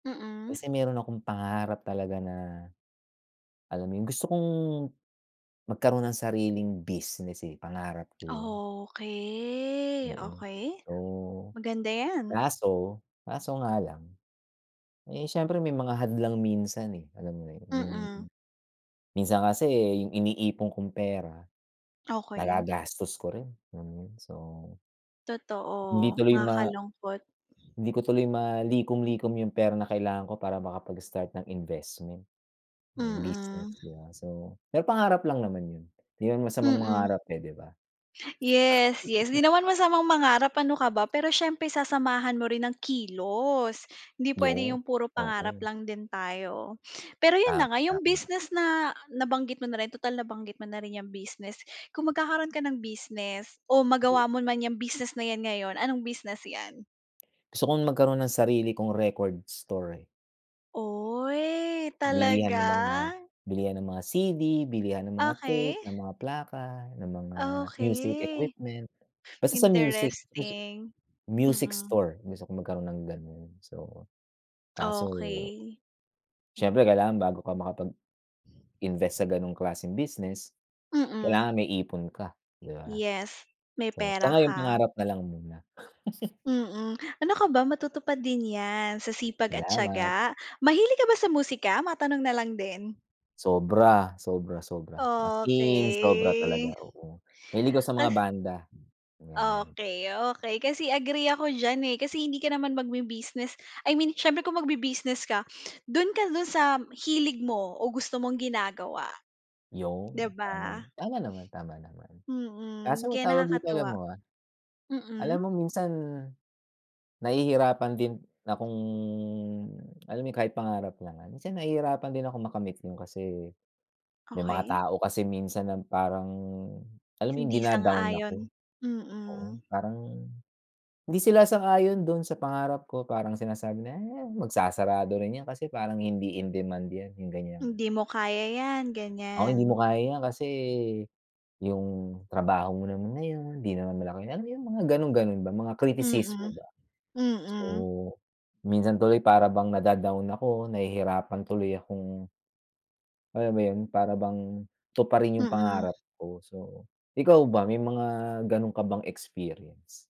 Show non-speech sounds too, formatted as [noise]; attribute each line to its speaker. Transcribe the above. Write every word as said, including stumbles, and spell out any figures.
Speaker 1: Mm.
Speaker 2: Kasi meron akong pangarap talaga na, alam mo yung, gusto kong magkaroon ng sariling business, eh, pangarap ko yun.
Speaker 1: Okey,
Speaker 2: Oo.
Speaker 1: okey,
Speaker 2: Oo,
Speaker 1: maganda 'yan.
Speaker 2: kaso, kaso nga lang, eh, siyempre, may mga hadlang minsan, eh, alam mo na yun? Yung
Speaker 1: Mm.
Speaker 2: minsan kasi yung iniipon kong pera,
Speaker 1: Okey.
Speaker 2: nagagastos ko rin, alam mo yun? So hindi
Speaker 1: Totoo,
Speaker 2: tuloy ma
Speaker 1: nakakalungkot.
Speaker 2: hindi ko tuloy malikom-likom yung pera na kailangan ko para makapag-start ng investment, 'no, yung business,
Speaker 1: Mm
Speaker 2: di ba? So, may pangarap lang naman yon. Hindi naman masamang
Speaker 1: Mm.
Speaker 2: mangarap, eh, di ba?
Speaker 1: Yes, yes, di
Speaker 2: [chuckles]
Speaker 1: naman masamang mangarap, ano ka ba, pero siyempre sasamahan mo rin ng kilos, hindi puwede
Speaker 2: Yon,
Speaker 1: yung puro pangarap
Speaker 2: oo.
Speaker 1: lang din tayo. Pero 'yun
Speaker 2: Tama,
Speaker 1: na nga, yung
Speaker 2: tama.
Speaker 1: business na nabanggit mo na rin, tutal nabanggit mo na rin 'yang business, kung magkakaroon ka ng business o magawa
Speaker 2: True.
Speaker 1: mo man yang business na yan ngayon, anong business yan?
Speaker 2: Gusto kong magkaroon ng sarili kong record store, eh.
Speaker 1: Oy,
Speaker 2: Bilihan ng mga
Speaker 1: talaga?
Speaker 2: bilihan ng mga C-D, bilihan ng mga
Speaker 1: Okey.
Speaker 2: tape, ng mga plaka, ng mga music
Speaker 1: Okey.
Speaker 2: equipment. Basta sa music music
Speaker 1: Interesting.
Speaker 2: music
Speaker 1: Mm.
Speaker 2: store. Gusto kong magkaroon ng gano'n. So, kaso
Speaker 1: Okey.
Speaker 2: siyempre, kailangan bago ka makapag-invest sa gano'ng klaseng business,
Speaker 1: Mm.
Speaker 2: kailangan may ipon ka, di ba?
Speaker 1: Yes, may
Speaker 2: So, sa
Speaker 1: pera
Speaker 2: ngayon,
Speaker 1: ka.
Speaker 2: pangarap na lang muna [chuckles]
Speaker 1: Mm. Ano ka ba, matutupad din yan sa sipag at
Speaker 2: Salamat.
Speaker 1: tiyaga. Mahilig ka ba sa musika? Matanong na lang din.
Speaker 2: Sobra. Sobra, sobra, as in sobra
Speaker 1: Okey.
Speaker 2: talaga, oo. Mahilig ako sa
Speaker 1: Ka
Speaker 2: mga banda, ayan.
Speaker 1: okey, okey, kasi agree ako diyan, eh, kasi hindi ka naman magbi-business. I mean, siyempre, kung magbi-business ka, dun ka, dun sa hilig mo o gusto mong ginagawa. Di
Speaker 2: Yon, tama
Speaker 1: ba?
Speaker 2: tama naman, tama naman.
Speaker 1: Mm,
Speaker 2: Kaso,
Speaker 1: kaya
Speaker 2: tawag dito, alam
Speaker 1: nakakatuwa.
Speaker 2: mo, ah, alam
Speaker 1: Mm.
Speaker 2: mo, minsan nahihirapan din akong, alam mo yun, kahit pangarap naman. Kasi nahihirapan din akong makamit yon kasi, may mga
Speaker 1: Okey.
Speaker 2: tao kasi minsan na parang, alam mo yung
Speaker 1: Hindi
Speaker 2: dina-down ako?
Speaker 1: sang-ayon,
Speaker 2: Oo,
Speaker 1: mm.
Speaker 2: parang hindi sila sang-ayon doon sa pangarap ko, parang sinasabi na, "Eh, magsasarado rin 'yan kasi parang hindi in demand yan." yung ganyan.
Speaker 1: "Hindi mo kaya yan."
Speaker 2: Oo, "Hindi
Speaker 1: ganyan.
Speaker 2: mo kaya yan, kasi yung trabaho mo naman na yun, hindi naman malaki" alam mo yung mga gano'n-gano'n ba, mga kritisismo
Speaker 1: Mm.
Speaker 2: ba? So,
Speaker 1: Mm.
Speaker 2: kung minsan tuloy para bang nada-down ako, nahihirapan tuloy akong alam mo yon? Para bang tuparin yung
Speaker 1: Mm.
Speaker 2: pangarap ko. So, ikaw ba, may mga gano'n ka bang experience?